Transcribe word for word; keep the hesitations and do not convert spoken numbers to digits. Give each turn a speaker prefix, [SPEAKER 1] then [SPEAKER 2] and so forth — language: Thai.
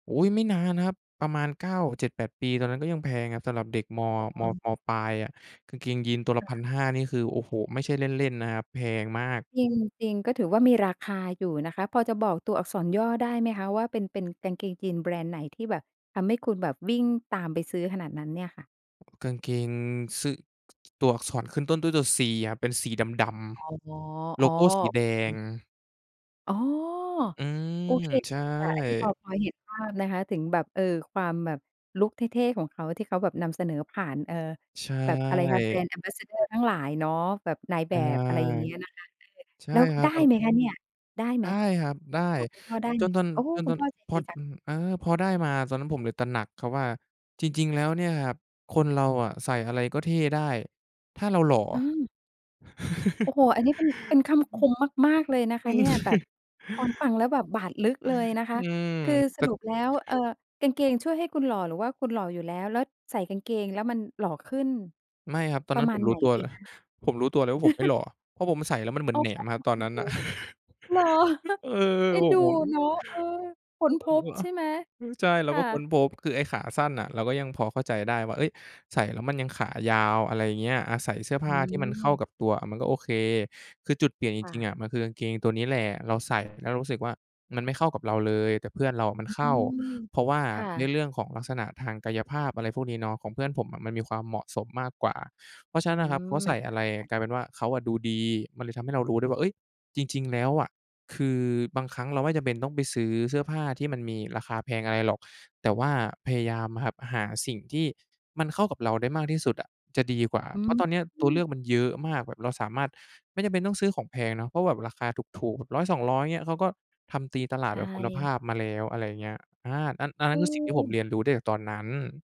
[SPEAKER 1] อุ๊ย ไม่นานครับ ประมาณ เก้า เจ็ดแปด ปี ตอนนั้นก็ยังแพงครับ สำหรับเด็กมอ
[SPEAKER 2] อ๋
[SPEAKER 1] ม
[SPEAKER 2] อ
[SPEAKER 1] อ ม.ปลาย อะ กางเกงยีนตัวล
[SPEAKER 2] ค
[SPEAKER 1] ะ พั
[SPEAKER 2] ่
[SPEAKER 1] น
[SPEAKER 2] ะ
[SPEAKER 1] ห้า นี่คือ โอ้โฮ! ไม่ใช่เล่น ๆ นะครับ แพงมาก
[SPEAKER 2] จริง จริง ก็ถือว่ามีราคาอยู่นะคะ พอจะบอกตัวอักษรย่อได้ไหมคะ? ว่า เป็น เป็นกางเกงยีนแบรนด์ไหน ที่แบบทำให้คุณแบบวิ่งตามไปซื้อขนาดนั้นเนี่ยค่ะ?
[SPEAKER 1] กางเกงซึ ตัวอักษรขึ้นต้นด้วยตัว C ครับ เป็นสีดำ
[SPEAKER 2] อ๋อ
[SPEAKER 1] ๆ โล
[SPEAKER 2] อ๋อ
[SPEAKER 1] โกสีแ
[SPEAKER 2] โอ
[SPEAKER 1] ด
[SPEAKER 2] เ
[SPEAKER 1] ง
[SPEAKER 2] ค อ๋อ
[SPEAKER 1] อื
[SPEAKER 2] โอ
[SPEAKER 1] ม
[SPEAKER 2] เค
[SPEAKER 1] ใช
[SPEAKER 2] ค่ะ อันนี้พอ
[SPEAKER 1] ่
[SPEAKER 2] พอเห็นภาพนะคะถึงแบบ เอ่อ ความแบบลุกเท่ ๆ ของเขา ที่เขาแบบนำเสนอผ่าน เอ่อ
[SPEAKER 1] ใช
[SPEAKER 2] แบบ อะไรคะ
[SPEAKER 1] ่
[SPEAKER 2] Brand Ambassador ทั้งหลายเนาะ แบบนายแ
[SPEAKER 1] อ
[SPEAKER 2] บ
[SPEAKER 1] า
[SPEAKER 2] บ อะไรอย่างเงี้ยนะคะ เออ
[SPEAKER 1] ใช่
[SPEAKER 2] แล้ว
[SPEAKER 1] ครั
[SPEAKER 2] ไ
[SPEAKER 1] บ
[SPEAKER 2] ด้
[SPEAKER 1] ก็
[SPEAKER 2] ไหมคะเนี่ย? ได้ไห
[SPEAKER 1] ได
[SPEAKER 2] ม?
[SPEAKER 1] ้ครับ ได้
[SPEAKER 2] ขอคุณพ่อได้
[SPEAKER 1] จ
[SPEAKER 2] ไหม?
[SPEAKER 1] นตอน
[SPEAKER 2] โอ้
[SPEAKER 1] จน
[SPEAKER 2] คุ
[SPEAKER 1] ต
[SPEAKER 2] ณ
[SPEAKER 1] อน
[SPEAKER 2] พ่อใจ
[SPEAKER 1] พ
[SPEAKER 2] ด
[SPEAKER 1] อ
[SPEAKER 2] ี
[SPEAKER 1] ด
[SPEAKER 2] จัง
[SPEAKER 1] อือ อา พอได้มา ตอนนั้นผมเลยตระหนักครับว่า จริง ๆ แล้วเนี่ยครับ คนเราอะใส่อะไรก็เท่ได้ ถ้าเราหล่อ
[SPEAKER 2] เออ โอ้โฮ! อันนี้เป็น เป็นค
[SPEAKER 1] อ
[SPEAKER 2] ำค
[SPEAKER 1] ือ
[SPEAKER 2] มมาก ๆ เลยนะค
[SPEAKER 1] อื
[SPEAKER 2] ะเนี
[SPEAKER 1] ม
[SPEAKER 2] ่ย แบบฟัง ฟังแล้วแบบบาดลึกเลยนะค
[SPEAKER 1] อ
[SPEAKER 2] ะ
[SPEAKER 1] ืม
[SPEAKER 2] คือ
[SPEAKER 1] แ
[SPEAKER 2] ส
[SPEAKER 1] ต่
[SPEAKER 2] รุปแล้ว เอ่อ กางเกงช่วยให้คุณหล่อ หรือว่าคุณหล่ออยู่แล้ว แล้วใส่กางเกงแล้วมันหล่อขึ้น
[SPEAKER 1] ไม่ครับ ตอน
[SPEAKER 2] ปร
[SPEAKER 1] นั
[SPEAKER 2] ะ
[SPEAKER 1] ้น
[SPEAKER 2] ม
[SPEAKER 1] ผ
[SPEAKER 2] าณ
[SPEAKER 1] ม
[SPEAKER 2] ไ
[SPEAKER 1] รู
[SPEAKER 2] หน
[SPEAKER 1] ้ตัว
[SPEAKER 2] ดี
[SPEAKER 1] เลย
[SPEAKER 2] คะ?
[SPEAKER 1] ผมรู้ตัวเลยว่า ผมไม่หล่ออะ เพราะผมใส่แล้วมันเหม
[SPEAKER 2] โ
[SPEAKER 1] ือ
[SPEAKER 2] อ้
[SPEAKER 1] นแหน
[SPEAKER 2] โ
[SPEAKER 1] มอะครับ ตอนนั้น
[SPEAKER 2] ฮ
[SPEAKER 1] น่ะ
[SPEAKER 2] น่า
[SPEAKER 1] เออ
[SPEAKER 2] เอ็
[SPEAKER 1] โอ
[SPEAKER 2] น
[SPEAKER 1] ้
[SPEAKER 2] ดู
[SPEAKER 1] โฮ
[SPEAKER 2] เหรอ? เอ็นเดูเนาะ เออ ค
[SPEAKER 1] เ
[SPEAKER 2] ้
[SPEAKER 1] อ
[SPEAKER 2] นพบใช่ไหม?
[SPEAKER 1] อ ใช่ เรา
[SPEAKER 2] ค่
[SPEAKER 1] ก็ค้น
[SPEAKER 2] ะ
[SPEAKER 1] พบ คือไอ้ขาสั้นน่ะเราก็ยังพอเข้าใจได้ว่า เฮ้ย ใส่แล้วมันยังขายาว อะไรเงี้ย อะ ใส่เสื้อผ
[SPEAKER 2] อื
[SPEAKER 1] ้าที่มันเข้า
[SPEAKER 2] ม
[SPEAKER 1] กับตัว อะ มันก็โอเค คือจุดเปลี่ยนจ
[SPEAKER 2] ค่
[SPEAKER 1] ริง ๆ
[SPEAKER 2] ะ
[SPEAKER 1] อะ มันคือกางเกงตัวนี้แหละ เราใส่แล้วเรารู้สึกว่า มันไม่เข้ากับเราเลย แต่เพื่อนเราอะมัน
[SPEAKER 2] อื
[SPEAKER 1] เข้า
[SPEAKER 2] ม
[SPEAKER 1] เพราะว่า
[SPEAKER 2] ค่
[SPEAKER 1] ใน
[SPEAKER 2] ะ
[SPEAKER 1] เรื่องของลักษณะทางกายภาพ อะไรพวกนี้เนาะ ของเพื่อนผมอะมันมีความเหมาะสมมากกว่า เพราะฉะ
[SPEAKER 2] อ
[SPEAKER 1] น
[SPEAKER 2] ื
[SPEAKER 1] ั้นอะครับ เข
[SPEAKER 2] ม
[SPEAKER 1] าใ
[SPEAKER 2] มั
[SPEAKER 1] ส
[SPEAKER 2] น
[SPEAKER 1] ่อ
[SPEAKER 2] น่า
[SPEAKER 1] ะไร
[SPEAKER 2] อึดอัด
[SPEAKER 1] กลายเป็นว่าเขาอะดูดี มันเลยทำให้เรารู้ด้วยว่า เฮ้ย จริง ๆ แล้วอะ คือบางครั้งเราไม่จำเป็นต้องไปซื้อเสื้อผ้าที่มันมีราคาแพงอะไรหรอก แต่ว่าพยายามหับหาสิ่งที่ มันเข้ากับเราได้มากที่สุดอะจะดีกว่า
[SPEAKER 2] อ
[SPEAKER 1] เพ
[SPEAKER 2] ื
[SPEAKER 1] ราะตอนเนี้ยตัวเลื
[SPEAKER 2] ม
[SPEAKER 1] อกมันเยอะมาก แบบเราสามารถ ไม่จำเป็นต้องซื้อของแพงเนาะ เพราะแบบราคาถูก ๆ แบบ ร้อยสองร้อย เงี้ย เขาก็ทำตีตลา
[SPEAKER 2] ใช
[SPEAKER 1] ดแบบคุณภ
[SPEAKER 2] ่
[SPEAKER 1] าพมาแล้ว อะไรอย่างเงี้ย อา อัน อันนั
[SPEAKER 2] เ
[SPEAKER 1] ้นคือสิ่งที่ผม
[SPEAKER 2] ออ
[SPEAKER 1] เรียนรู้ได้จากตอนนั้น